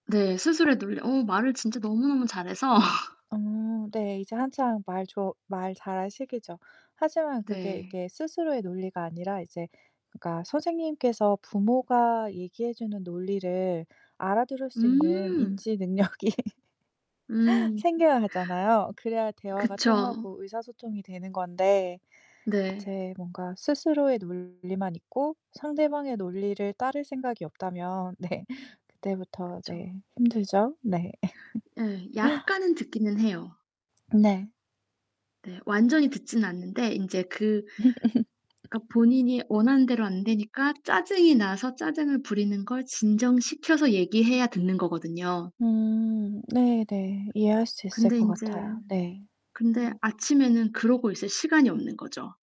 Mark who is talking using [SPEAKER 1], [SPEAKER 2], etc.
[SPEAKER 1] 네. 스스로에 놀려 어 말을 진짜 너무너무 잘해서
[SPEAKER 2] 어. 네. 이제 한창 말 좋 말 잘할 시기죠. 하지만 그게
[SPEAKER 1] 네.
[SPEAKER 2] 이게 스스로의 논리가 아니라 이제 그러니까 선생님께서 부모가 얘기해 주는 논리를 알아들을 수 있는
[SPEAKER 1] 음.
[SPEAKER 2] 인지 능력이
[SPEAKER 1] 음. 음.
[SPEAKER 2] 생겨야 하잖아요. 그래야 대화가
[SPEAKER 1] 그쵸.
[SPEAKER 2] 통하고 의사소통이 되는 건데
[SPEAKER 1] 네.
[SPEAKER 2] 제 뭔가 스스로의 논리만 있고 상대방의 논리를 따를 생각이 없다면 네. 그때부터
[SPEAKER 1] 그쵸.
[SPEAKER 2] 네 힘들죠? 네.
[SPEAKER 1] 예. 약간은 듣기는 해요.
[SPEAKER 2] 네.
[SPEAKER 1] 네. 완전히 듣진 않는데 인제 그 그러니까 본인이 원하는 대로 안 되니까 짜증이 나서 짜증을 부리는 걸 진정시켜서 얘기해야 듣는 거거든요.
[SPEAKER 2] 음. 네 네. 이해할 수 있을
[SPEAKER 1] 근데
[SPEAKER 2] 것
[SPEAKER 1] 인제
[SPEAKER 2] 같아요. 네.
[SPEAKER 1] 근데
[SPEAKER 2] 음.
[SPEAKER 1] 아침에는 그러고 있을 시간이 없는 거죠.